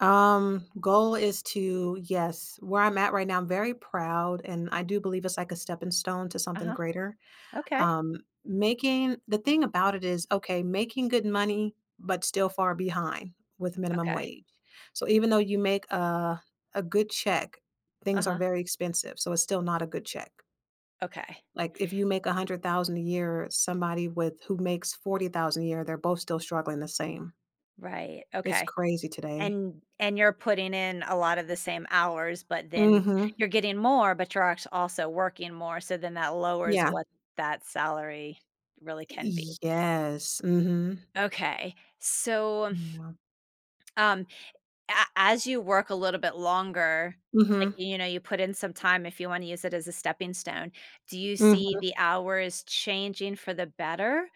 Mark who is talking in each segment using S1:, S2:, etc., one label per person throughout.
S1: Um, goal is to yes. Where I'm at right now, I'm very proud, and I do believe it's like a stepping stone to something
S2: Uh-huh.
S1: greater.
S2: Okay.
S1: Um, making the thing about it is, okay, making good money, but still far behind with minimum
S2: Okay.
S1: wage. So, even though you make a a good check, things are
S2: Uh-huh.
S1: very expensive. So, it's still not a good check.
S2: Okay.
S1: Like, if you make $100,000 a year, somebody with who makes $40,000 a year, they're both still struggling the same.
S2: Right.
S1: It's
S2: Okay.
S1: crazy today.
S2: And- and you're putting in a lot of the same hours, but then
S1: Mhm.
S2: you're getting more, but you're actua also working more, so then that lowers
S1: Yeah.
S2: what that salary really can be.
S1: Yes. Mhm.
S2: Okay. So, um
S1: Yeah.
S2: um, a as you work a little bit longer, like,
S1: Mhm.
S2: you know, you put in some time if you wanna use it as a stepping stone, do you see
S1: Mhm.
S2: the hours changing for the better?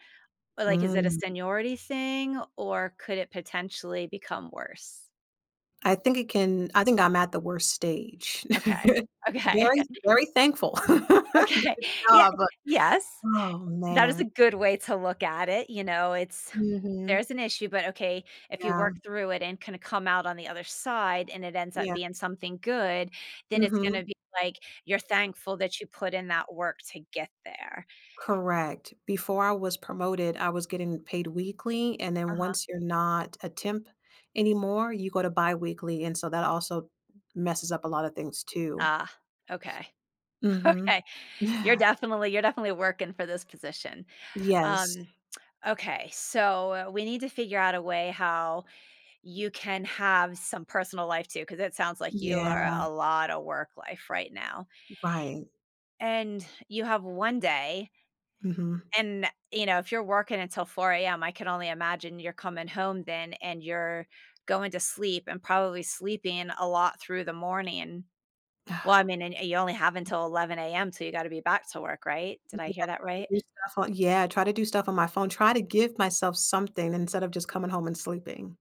S2: Or like, is it a
S1: Mm.
S2: seniority thing? Or could it potentially become worse?
S1: I think it can I think I'm at the worst stage.
S2: Okay. Okay.
S1: Very very thankful. Good
S2: Okay. Yeah
S1: job, but
S2: Yes.
S1: Oh,
S2: That is a
S1: man.
S2: good way to look at it. You know, it's
S1: Mhm.
S2: there's an issue, but okay. If you
S1: Yeah.
S2: work through it and kinda come out on the other side, and it ends up
S1: Yeah.
S2: being something good, then it's
S1: Mhm.
S2: gonna be, like, you're thankful that you put in that work to get there.
S1: Correct. Before I was promoted, I was getting paid weekly, and then
S2: Uh-huh.
S1: once you're not a temp anymore, you go to biweekly, and so that also messes up a lotta things, too.
S2: Ah, okay.
S1: Mhm.
S2: Okay. You're definitely you're definitely working for this position.
S1: Yes.
S2: Um, okay, so we need to figure out a way how you can have some personal life, too, 'cause it sounds like you
S1: Yeah.
S2: are a lot of work-life right now.
S1: Right.
S2: And you have 1 day.
S1: Mhm.
S2: And, you know, if you're working until 4 AM, I can only imagine you're coming home then, and you're going to sleep and probably sleeping a lot through the morning. Well, I mean, and and you only have until 11 AM til you gotta be back to work, right? Did I
S1: Yeah,
S2: hear that
S1: to
S2: right?
S1: do stuff on Yeah, try to do stuff on my phone. Try to give myself something instead of just coming home and sleeping.